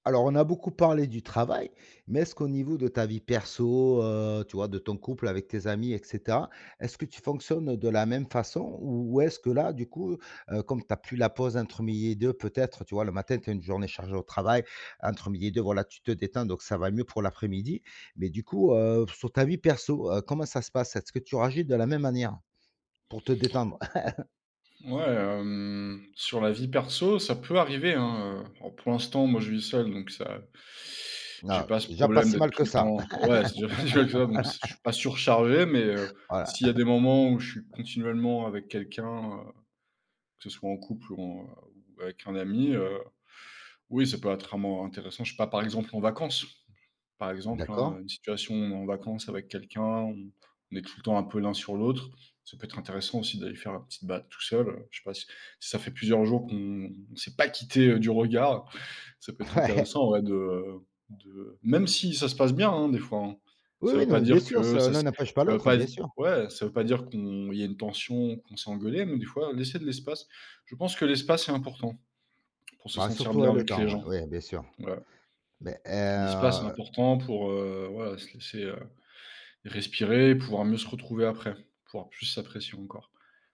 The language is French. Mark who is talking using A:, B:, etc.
A: Alors, on a beaucoup parlé du travail mais est-ce qu'au niveau de ta vie perso, heu, tu vois, de ton couple, avec tes amis et cetera, est-ce que tu fonctionnes de la même façon? Ou ou est-ce que là, du coup, heu, comme tu as plus la pause entre midi et deux peut-être tu vois, le matin tu as une journée chargée au travail entre midi et deux, voilà, tu te détends donc ça va mieux pour l'après-midi, mais du coup, heu, sur ta vie perso, heu, comment ça se passe? Est-ce que tu réagis de la même manière, pour te détendre?
B: Ouais, hem, sur la vie perso, ça peut arriver hein, heu, oh pour l'instant moi je vis seul donc ça j'ai
A: Bah,
B: pas
A: c'est
B: ce
A: déjà pas
B: problème
A: si
B: d'être
A: mal
B: tout
A: que
B: le
A: ça.
B: temps ouais, c'est pas si mal que ça bon c je suis pas
A: Voilà.
B: surchargé, mais, heu,
A: Voilà.
B: s'il y a des moments où je suis continuellement avec quelqu'un, heu, que ce soit en couple ou en, heu, avec un ami, heu, oui ça peut être amant intéressant je sais pas, par exemple, en vacances. Par exemple
A: D'accord.
B: hein, une situation en vacances avec quelqu'un, on on est tout le temps un peu l'un sur l'autre, ça peut être intéressant aussi d'aller faire la petit balade tout seul, heu, je sais pas si si ça fait plusieurs jours qu'on s'est pas quittés, heu, du regard ça peut être
A: Ouais.
B: intéressant ouais, de de même si ça se passe bien hein, des fois hein.
A: Oui,
B: Ça
A: oui,
B: veut
A: non
B: pas
A: mais bien
B: dire
A: sûr ce
B: que ça
A: l'un
B: s
A: n'empêche pas
B: ça veut
A: l'autre,
B: pas
A: bien
B: di
A: sûr.
B: ouais ça veut pas dire qu'on il y a une tension ou qu'on s'est engueulés, mais des fois laisser de l'espace, je pense que l'espace est important pour se
A: Bah,
B: sentir
A: surtout,
B: bien
A: heu, le
B: avec
A: temps
B: les
A: ouais,
B: gens,
A: ouais bien sûr.
B: voilà.
A: Mais et
B: L'espace est
A: heu
B: important pour, heu, voilà, se laisser, heu, respirer et pouvoir mieux se retrouver après, pouvoir plus s'apprécier encore.